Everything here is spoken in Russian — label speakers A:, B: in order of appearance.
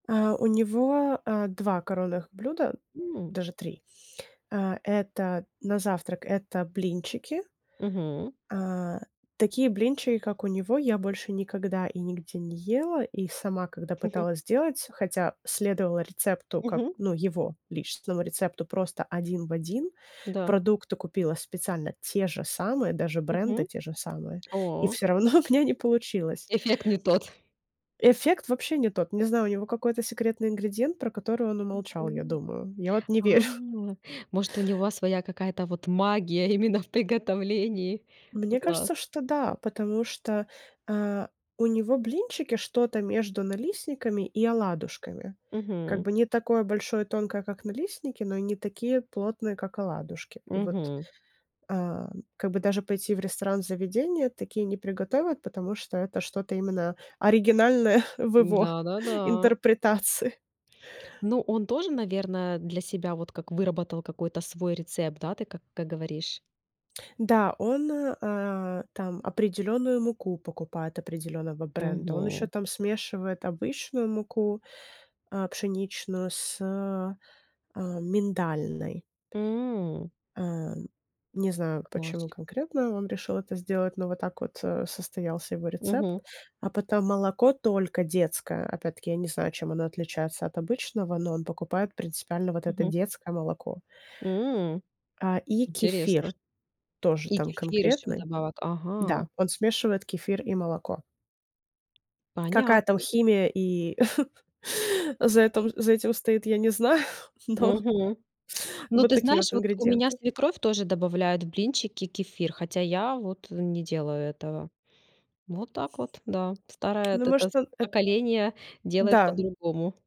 A: Э, у него, э, 2 коронных блюда,
B: М.
A: даже 3. Э, это на завтрак это блинчики.
B: Мгм.
A: Э, такие блинчики, как у него, я больше никогда и нигде не ела. И сама когда пыталась сделать, хотя следовала рецепту, как
B: Мгм.
A: ну, его личностному рецепту просто один в один,
B: Да.
A: продукты купила специально те же самые, даже бренды
B: Мгм.
A: те же самые, и
B: О.
A: всё равно у меня не получилось.
B: Эффект не тот.
A: Эффект вообще не тот, не знаю, у него какой-то секретный ингредиент, про который он умолчал, я
B: Мгм.
A: думаю. Я вот не
B: А,
A: верю.
B: может, у него своя какая-то вот магия именно в приготовлении? Ну
A: Мне
B: класс.
A: кажется, что да. Потому что, а, у него блинчики что-то между налистниками и оладушками. Как
B: Мгм.
A: бы не такое большое и тонкое, как налистники, но и не такие плотные, как оладушки. И вот,
B: Мгм.
A: а, как бы даже пойти в ресторан заведение- такие не приготовят, потому что это что-то именно оригинальное в его
B: Да-да-да.
A: интерпретации.
B: Ну он тоже, наверное, для себя вот как выработал какой-то свой рецепт, да ты как как говоришь.
A: Да, он, э, а, там определённую муку покупает, определённого бренда. Он ещё
B: Мгм.
A: там смешивает обычную муку, а, пшеничную с, э, э, миндальной.
B: М.
A: Э, не знаю, почему
B: Класс.
A: конкретно он решил это сделать, но вот так вот, э, состоялся его рецепт.
B: Мгм.
A: А потом молоко только детское. Опять-таки я не знаю, чем оно отличается от обычного, но он покупает принципиально вот это
B: Мгм.
A: детское молоко.
B: М.
A: А и кефир
B: Интересно.
A: тоже
B: И
A: там
B: кефир ещё
A: конкретный.
B: вдобавок.
A: Да,
B: Ага.
A: он смешивает кефир и молоко. Какая там
B: Понятно.
A: химия и за этом за этим стоит, я не знаю, но
B: Мгм. Ну
A: вот
B: ты
A: такие
B: знаешь,
A: вот
B: вот у меня
A: ингредиенты.
B: свекровь тоже добавляет в блинчики кефир, хотя я вот, э, не делаю этого. Вот так вот, да. Старое
A: Ну
B: эт это с
A: может он эт
B: поколение делает
A: Да.
B: по-другому.